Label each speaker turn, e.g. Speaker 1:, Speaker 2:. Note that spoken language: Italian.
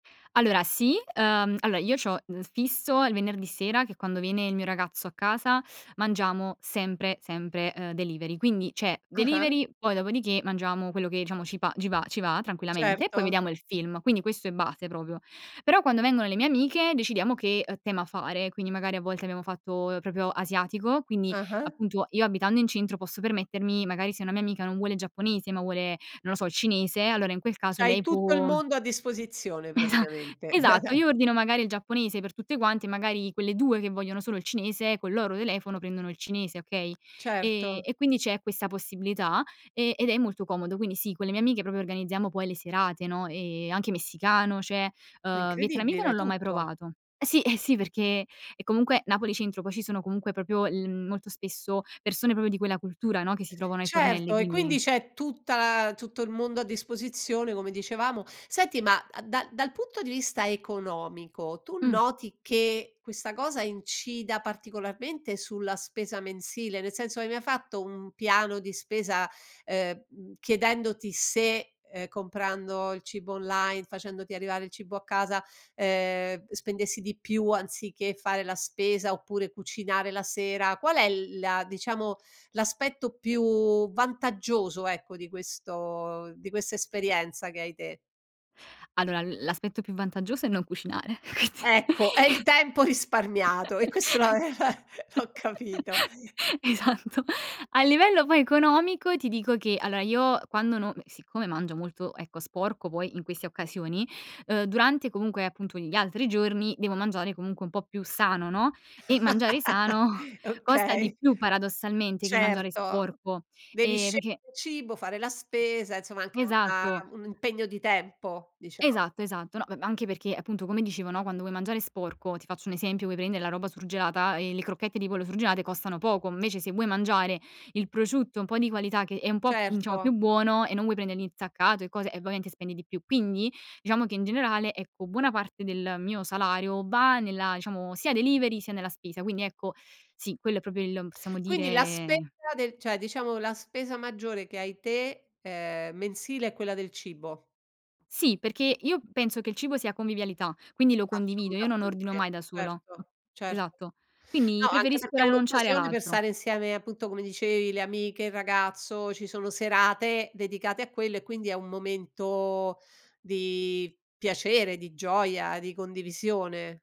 Speaker 1: Allora, sì. Ehm, allora, io c'ho n fisso il venerdì sera che è quando viene il mio ragazzo a casa, mangiamo sempre sempre, uhm, delivery. Quindi, c'è
Speaker 2: Ah-ah.
Speaker 1: delivery, poi dopodiché mangiamo quello che diciamo ci pa gi va ci va tranquillamente e poi
Speaker 2: Certo.
Speaker 1: vediamo il film. Quindi, questo è base proprio. Però, quando vengono le mie amiche decidiamo che, uhm, tema fare, quindi magari a volte abbiamo fatto, uhm, proprio asiatico, quindi
Speaker 2: Ah-ah.
Speaker 1: appunto io abitando in centro posso permettermi magari se una mia amica non vuole il giapponese, ma vuole, non lo so, il cinese, allora in quel caso
Speaker 2: C'hai
Speaker 1: lei
Speaker 2: tutto il
Speaker 1: può
Speaker 2: mondo a disposizione
Speaker 1: Esa
Speaker 2: praticamente.
Speaker 1: esatto. Io ordino magari il giapponese per tutte quante, magari quelle 2 che vogliono solo il cinese col loro telefono prendono il cinese, okay, ehm,
Speaker 2: Certo.
Speaker 1: e quindi c'è questa possibilità e ed è molto comodo. Quindi sì, con le mie amiche proprio organizziamo poi le serate, no, e anche messicano c'è,
Speaker 2: È
Speaker 1: uhm, vietnamita
Speaker 2: incredibile,
Speaker 1: non l'ho mai
Speaker 2: tutto.
Speaker 1: provato. Eh, sì, eh, sì, perché è comunque Napoli centro, poi ci sono comunque proprio il molto spesso persone proprio di quella cultura, no, che si trovano ai fornelli,
Speaker 2: Certo, e quindi
Speaker 1: quindi
Speaker 2: c'è tutta la tutto il mondo a disposizione, come dicevamo. Senti, ma a da dal punto di vista economico tu
Speaker 1: Mh.
Speaker 2: noti che questa cosa incida particolarmente sulla spesa mensile? Nel senso hai mai fatto un piano di spesa, ehm, mhmm, chiedendoti se, ehm, comprando il cibo online, facendoti arrivare il cibo a casa, ehm, spendessi di più anziché fare la spesa oppure cucinare la sera? Qual è l la diciamo, l'aspetto più vantaggioso, ecco, di questo di questa esperienza che hai te?
Speaker 1: Allora, l l'aspetto più vantaggioso è non cucinare.
Speaker 2: Ecco, è il
Speaker 1: [unintelligible]
Speaker 2: tempo risparmiato e questo l'aveva l'ho capito.
Speaker 1: Esatto. A livello poi economico ti dico che allora, io quando non m siccome mangio molto, ecco, sporco poi in queste occasioni, uhm, durante comunque appunto gli altri giorni devo mangiare comunque un po' più sano, no, e mangiare sano costa di
Speaker 2: Okay.
Speaker 1: più paradossalmente che mangiare
Speaker 2: Certo.
Speaker 1: sporco,
Speaker 2: Devi
Speaker 1: ehm, perché
Speaker 2: scegliere il cibo, fare la spesa, insomma, anche
Speaker 1: Esatto.
Speaker 2: un un impegno di tempo dicia
Speaker 1: Esatto, esatto. No, m m anche perché appunto come dicevo no, quando vuoi mangiare sporco, ti faccio un esempio, vuoi prendere la roba surgelata e le crocchette di pollo surgelate costano poco, invece se vuoi mangiare il prosciutto un po' di qualità che è un po' diciamo più
Speaker 2: Certo.
Speaker 1: buono e non vuoi prendere l'insaccato e cose, e ovviamente spendi di più. Quindi, diciamo che in generale, ecco, buona parte del mio salario va nella diciamo sia delivery sia nella spesa. Quindi, ecco, sì. Quello è proprio il m possiamo
Speaker 2: Quindi la spesa
Speaker 1: dire
Speaker 2: del cioè, diciamo la spesa maggiore che hai te, ehm, mensile è quella del cibo.
Speaker 1: Sì, perché io penso che il cibo sia convivialità, quindi lo condivido, io non ordino
Speaker 2: Assolutamente,
Speaker 1: mai da sola.
Speaker 2: certo, certo.
Speaker 1: Esatto. Quindi,
Speaker 2: No, anche
Speaker 1: preferisco
Speaker 2: perché è
Speaker 1: rinunciare ad
Speaker 2: un'occasione per
Speaker 1: altro.
Speaker 2: stare insieme, appunto come dicevi, le amiche, il ragazzo, ci sono serate dedicate a quello, e quindi è un momento di piacere, di gioia, di condivisione.